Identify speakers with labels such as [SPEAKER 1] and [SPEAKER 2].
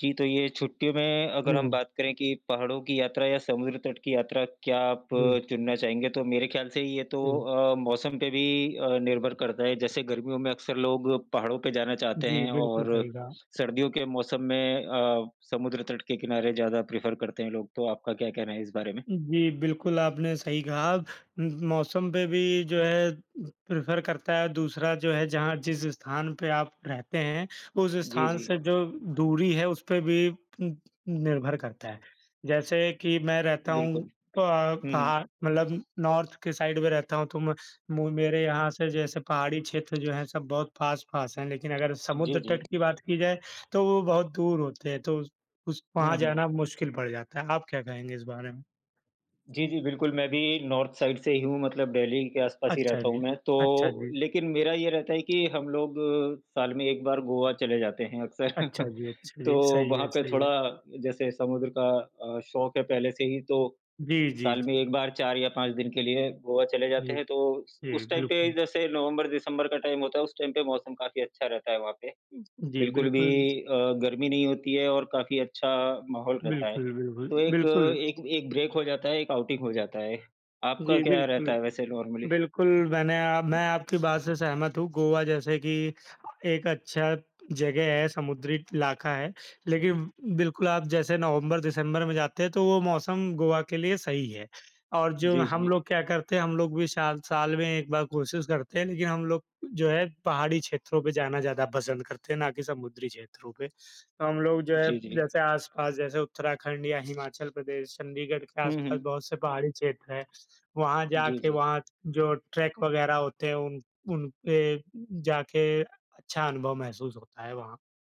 [SPEAKER 1] जी, तो ये छुट्टियों में अगर हम
[SPEAKER 2] हुँ।
[SPEAKER 1] बात करें कि पहाड़ों की यात्रा या समुद्र तट की यात्रा क्या आप
[SPEAKER 2] जी।
[SPEAKER 1] चुनना चाहेंगे? तो मेरे ख़याल से ये तो
[SPEAKER 2] हुँ।
[SPEAKER 1] अ, मौसम पे भी अ, निर्भर करता है, जैसे गर्मियों में अक्सर लोग पहाड़ों पे जाना चाहते
[SPEAKER 2] जी,
[SPEAKER 1] हैं
[SPEAKER 2] बिल्कुल
[SPEAKER 1] और,
[SPEAKER 2] सही कहा।
[SPEAKER 1] सर्दियों के मौसम में अ, समुद्र तट के किनारे ज़्यादा प्रिफ़र करते हैं लोग तो आपका क्या कहना है इस बारे में?
[SPEAKER 2] उम, जी, बिल्कुल आपने सही कहा। उम, मौसम पे भी जो है प्रिफ़र करता है, दूसरा जो है जहाँ जिस स्थान पे आप रहते हैं उस
[SPEAKER 1] जी,
[SPEAKER 2] स्थान
[SPEAKER 1] जी।
[SPEAKER 2] से जो दूरी है उस पे भी पूम्प निर्भर करता है। जैसे कि मैं रहता हूँ,
[SPEAKER 1] बिल्कुल।
[SPEAKER 2] प
[SPEAKER 1] हुँ, हुँ।
[SPEAKER 2] पहा मतलब नॉर्थ के साइड में रहता हूँ तो म मु मेरे यहाँ से जैसे पहाड़ी क्षेत्र जो हैं सब बहुत पास-पास हैं, लेकिन अगर
[SPEAKER 1] जी,
[SPEAKER 2] समुद्र
[SPEAKER 1] जी।
[SPEAKER 2] तट की बात की जाए तो वो बहुत दूर होते हैं तो उस उस वहाँ
[SPEAKER 1] हुँ, हुँ।
[SPEAKER 2] जाना मुश्किल पड़ जाता है। आप क्या कहेंगे इस बारे में?
[SPEAKER 1] जी, जी, बिल्कुल। मैं भी नॉर्थ साइड से ही हूँ, मतलब दिल्ली के आस-पास ही
[SPEAKER 2] अच्छा
[SPEAKER 1] रहता हूँ
[SPEAKER 2] जी,
[SPEAKER 1] मैं,
[SPEAKER 2] अच्छा
[SPEAKER 1] तो
[SPEAKER 2] जी।
[SPEAKER 1] लेकिन मेरा ये रहता है कि हम लोग साल में 1 बार गोवा चले जाते हैं अक्सर।
[SPEAKER 2] अच्छा जी, अच्छा
[SPEAKER 1] तो,
[SPEAKER 2] जी, सही
[SPEAKER 1] वहाँ
[SPEAKER 2] है,
[SPEAKER 1] पे
[SPEAKER 2] सही
[SPEAKER 1] थोड़ा
[SPEAKER 2] है।
[SPEAKER 1] जैसे समुद्र का अ, शौक है पहले से ही तो,
[SPEAKER 2] जी, जी,
[SPEAKER 1] साल
[SPEAKER 2] जी।
[SPEAKER 1] में 1 बार 4 या 5 दिन के लिए गोवा चले जाते
[SPEAKER 2] जी।
[SPEAKER 1] हैं, तो उस
[SPEAKER 2] जी,
[SPEAKER 1] उस टाइम पे
[SPEAKER 2] बिल्कुल।
[SPEAKER 1] जैसे नवंबर-दिसंबर का टाइम होता है, उस टाइम पे मौसम काफ़ी अच्छा रहता है वहाँ पे।
[SPEAKER 2] उम, जी,
[SPEAKER 1] बिल्कुल भी
[SPEAKER 2] बिल्कुल।
[SPEAKER 1] अ, गर्मी नहीं होती है और काफ़ी अच्छा माहौल रहता है,
[SPEAKER 2] बिल्कुल, बिल्कुल,
[SPEAKER 1] तो एक
[SPEAKER 2] बिल्कुल।
[SPEAKER 1] एक एक ब्रेक हो जाता है, एक आउटिंग हो जाता है। आपका
[SPEAKER 2] जी,
[SPEAKER 1] क्या रहता
[SPEAKER 2] बिल्कुल।
[SPEAKER 1] है वैसे नॉर्मली?
[SPEAKER 2] बिल्कुल, मैंने अ, मैं आपकी बात से सहमत हूँ। गोवा जैसे कि एक अच्छा जगह है, समुद्री इलाका है, लेकिन बिल्कुल आप जैसे नवंबर-दिसंबर में जाते हैं तो वो मौसम गोवा के लिए सही है और जो
[SPEAKER 1] जी,
[SPEAKER 2] हम
[SPEAKER 1] जी।
[SPEAKER 2] लोग क्या करते हैं, हम लोग भी साल साल में 1 बार कोशिश करते हैं, लेकिन हम लोग जो है पहाड़ी क्षेत्रों पे जाना ज़्यादा पसंद करते हैं ना कि समुद्री क्षेत्रों पे। हम लोग जो है
[SPEAKER 1] जी, जी।
[SPEAKER 2] जैसे आस-पास जैसे उत्तराखंड या हिमाचल प्रदेश, चंडीगढ़ के
[SPEAKER 1] हुँ,
[SPEAKER 2] आस-पास
[SPEAKER 1] हुँ।
[SPEAKER 2] बहुत से पहाड़ी क्षेत्र हैं, वहाँ
[SPEAKER 1] जी,
[SPEAKER 2] जाके
[SPEAKER 1] जी।
[SPEAKER 2] वहाँ जो ट्रैक वगैरह होते हैं उन उन पे जाके, अच्छा अनुभव महसूस होता है वहाँ।